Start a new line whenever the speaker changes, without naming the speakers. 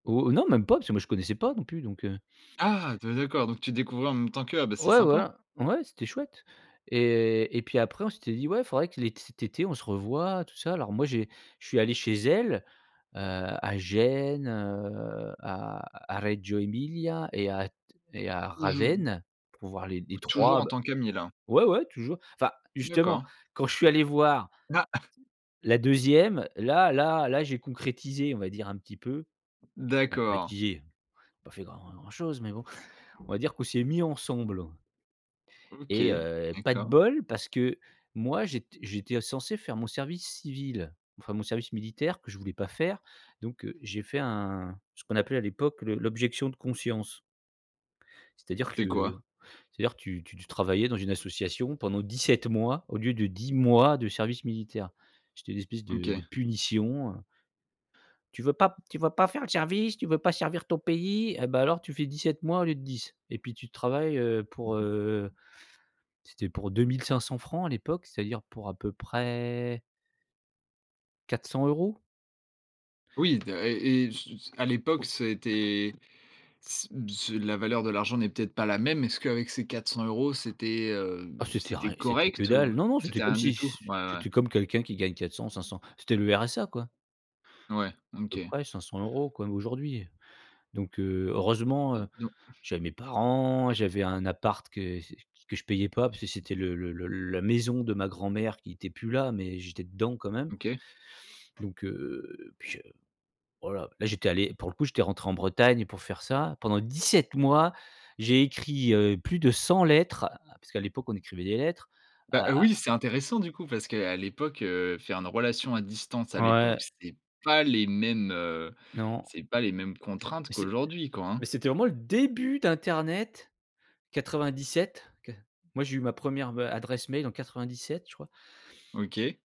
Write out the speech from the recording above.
Oh, non, même pas parce que moi, je connaissais pas non plus donc heu
Ah, de d'accord, donc tu découvrais en même temps qu'eux. Ah, bah, c'est
Ouais,
sympa.
voilà. Ouais, c'était chouette et et puis après, on s'était dit: «Ouais, faudrait que l'ét cet été, on se revoit, tout ça». Alors moi, j'ai je suis allé chez elle, heu, à Gênes, heu, à à Reggio Emilia et à t et à
Oh, je n
Ravenne pour voir les
Oh,
les
toujours
3
en
b
tant qu'ami, là?
ouais, ouais, toujours. Enfin, justement,
D'accord.
quand je suis allé voir
n ah, ah!
la 2e, là là là, j'ai concrétisé, on va dire, un petit peu.
D'accord.
Concrétisé, j'ai pas fait grand grand chose mais bon, on va dire qu'on s'est mis ensemble et
OK,
heu, pas de
d'accord.
bol parce que moi, j'étais j'étais censé faire mon service civil, enfin, mon service militaire que je voulais pas faire. Donc heu, j'ai fait un ce qu'on appelait à l'époque, le l'objection de conscience c'est-à-dire
C'est
que
quoi?
c'est-à-dire, tu tu tu travaillais dans une association pendant 17 mois au lieu de 10 mois de service militaire. C'était une espèce de
OK.
de punition, heu «Tu veux pas tu vas pas faire le service, tu veux pas servir ton pays, eh bah alors tu fais 17 mois au lieu de 10» et puis tu travailles, heu, pour heu, c'était pour 2 500 francs à l'époque, c'est-à-dire, pour à peu près 400 €.
Oui, à et et su à l'époque, ça a été c b c'est la valeur de l'argent n'est peut-être pas la même. Est-ce qu'avec ces 400 €, c'était heu,
Ah, c'était
c'était
ri c'était que
correct ou
dalle, non, non c'était
c'était
comme
rien du
si
tout?
c,
Ouais, ouais.
c'était comme quelqu'un qui gagne 400-500, c'était le RSA, quoi
Ouais,
peu
OK.
près, 500 € comme aujourd'hui. Donc heu, heureusement,
Et don
j'avais mes parents. J'avais un appart que c que je payais pas parce que c'était le le le la maison de ma grand mère qui était plus là, mais j'étais dedans, quand même
OK.
donc, heu, puis je voilà, j'étais allé pour le coup, j'étais rentré en Bretagne pour faire ça, pendant 17 mois. J'ai écrit, heu, plus de 100 lettres, ah, parce qu'à l'époque, on écrivait des lettres
Bah,
à à
oui, c'est intéressant, du coup, parce qu'à l'époque, heu, faire une relation à distance, à l'époque,
Ouais.
c'était pas les mêmes, heu,
Non.
c'est pas les mêmes contraintes
Mais c'est
qu'aujourd'hui, quoi, hein.
mais c'était vraiment le début d'internet 97, qua moi, j'ai eu ma 1re, heu, adresse mail en 97, je crois.
OK.